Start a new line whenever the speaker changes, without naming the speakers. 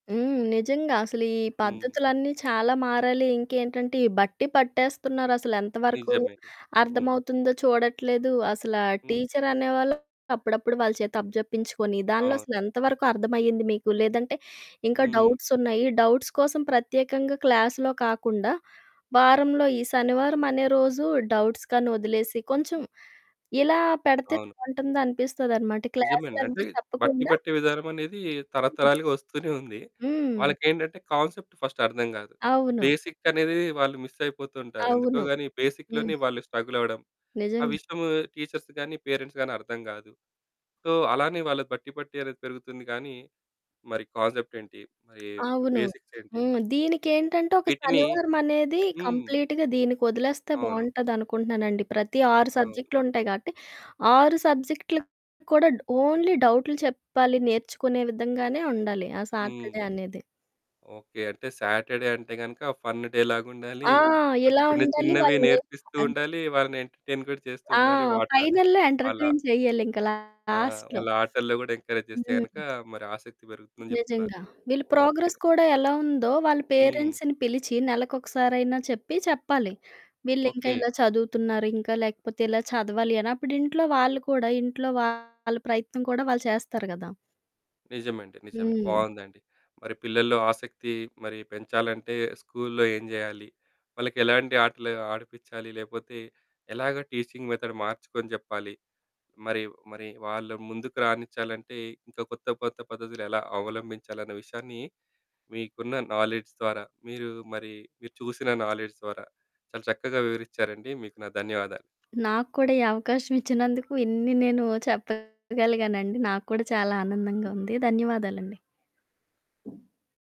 హ్మ్, నిజంగా అసలు ఈ
హ్మ్.
పద్ధతులన్నీ చాలా మారాలి ఇంకేంటంటే, ఈ బట్టి పట్టేస్తున్నారు అసలు ఎంతవరకు
నిజమే. హ్మ్.
అర్థమవుతుందో చూడట్లేదు. అసల
హ్మ్.
టీచరనేవాళ్ళు అప్పుడప్పుడు వాళ్ళ చేతి అప్పజెప్పించుకొని దాంట్లో
అవును.
అసలు ఎంతవరకు అర్థం అయ్యింది మీకు? లేదంటే ఇంకా
హ్మ్.
డౌట్స్ ఉన్నాయి డౌట్స్ కోసం ప్రత్యేకంగా క్లాస్‌లో కాకుండా వారంలో ఈ శనివారం అనే రోజు డౌట్స్ కనీ వదిలేసి, కొంచెం ఇలా పెడితే
అవును.
బావుంటుంది అనిపిస్తది అనమాట.
నిజమే అండి. అంటే
క్లాసులన్నీ
బట్టి
చెప్పకుండా
పట్టే విధానం అనేది
హ్మ్.
తరతరాలుగా వస్తూనే ఉంది.
‍‍ హ్మ్.
వాళ్ళకి ఏంటంటే, కాన్సెప్ట్ ఫస్ట్ అర్థం కాదు.
అవును.
బేసిక్ అనేది వాళ్ళు మిస్ అయిపోతుంటారు. ఎందుకో
అవును.
గాని
హ్మ్.
బేసిక్‍లోనే వాళ్ళు స్ట్రగల్ అవ్వడం. ఆ
నిజంగా.
విషయము టీచర్స్ గాని, పేరెంట్స్ గాని అర్థం కాదు. సో అలానే వాళ్ళ బట్టి పట్టి అనేది పెరుగుతుంది. కానీ మరి కాన్సెప్ట్ ఏంటి? మరి
అవును.
బేసిక్స్ ఏంటి?
హ్మ్. దీనికి ఏంటంటే ఒక
వీటిని
శనివారమనేది
హ్మ్.
కంప్లీట్‌గా దీనికి వదిలేస్తే
అవును.
బావుంటది అనుకుంటున్నానండి. ప్రతి 6
అవును.
సబ్జెక్టులు ఉంటాయి. కాబట్టి 6 సబ్జెక్టులు కూడా ఓన్లీ డౌట్లు చెప్పాలి నేర్చుకునే విధంగానే ఉండాలి ఆ
హ్మ్.
సాటర్డే అనేది.
ఓకే. అంటే సాటర్డే అంటే గనుక ఫన్ డే లాగా ఉండాలి.
ఆ!
అంటే
ఇలా
చిన్న
ఉండాలి
చిన్నవి
వాళ్ళు నే
నేర్పిస్తూ
అంట్
ఉండాలి. వాళ్ళని ఎంటర్టైన్ కూడా చేస్తూ
ఆ!
ఉండాలి. వాట
ఫైనల్‍లో
వాళ్ళ
ఎంటర్టైన్ చేయాలింక
ఆ!
లాస్ట్‌లో.
వాళ్ళ ఆటల్లో కూడా ఎంకరేజ్ చేస్తే గనక
హ్మ్.
మరి ఆసక్తి పెరుగుతుందని చెప్తున్నారు.
నిజంగా. వీళ్ళు
ఓకే.
ప్రోగ్రెస్ కూడా ఎలా ఉందో వాళ్ళ
హ్మ్.
పేరెంట్స్‌ని పిలిచి నెలకు ఒకసారైనా చెప్పి చెప్పాలి. వీళ్ళు ఇంకా
ఓకే.
ఇలా చదువుతున్నారు, ఇంకా లేకపోతే ఇలా చదవాలి అని అప్పుడు ఇంట్లో వాళ్ళు కూడా ఇంట్లో వాళ్ళ ప్రయత్నం కూడా వాళ్ళు చేస్తారు గదా!
నిజమండి నిజమే.
హ్మ్.
బావుందండి. మరి పిల్లల్లో ఆసక్తి మరి పెంచాలంటే స్కూల్లో ఏం జేయాలి? వాళ్ళకెలాంటి ఆటలు ఆడిపించాలి లేకపోతే ఎలాగా టీచింగ్ మెథడ్ మార్చుకొని చెప్పాలి. మరి మరి వాళ్ళ ముందుకు రానిచ్చాలంటే ఇంకా కొత్త కొత్త పద్ధతులు ఎలా అవలంబించాలన్న విషయాన్ని మీకున్న నాలెడ్జ్ ద్వారా మీరు మరి మీరు చూసిన నాలెడ్జ్ ద్వారా చాలా చక్కగా వివరిచారండి. మీకు నా ధన్యవాదాలు.
నాకు కూడా ఈ అవకాశం ఇచ్చినందుకు ఇన్ని నేను చెప్పగలిగానండి. నాకు కూడా చాలా ఆనందంగా ఉంది. ధన్యవాదాలండి.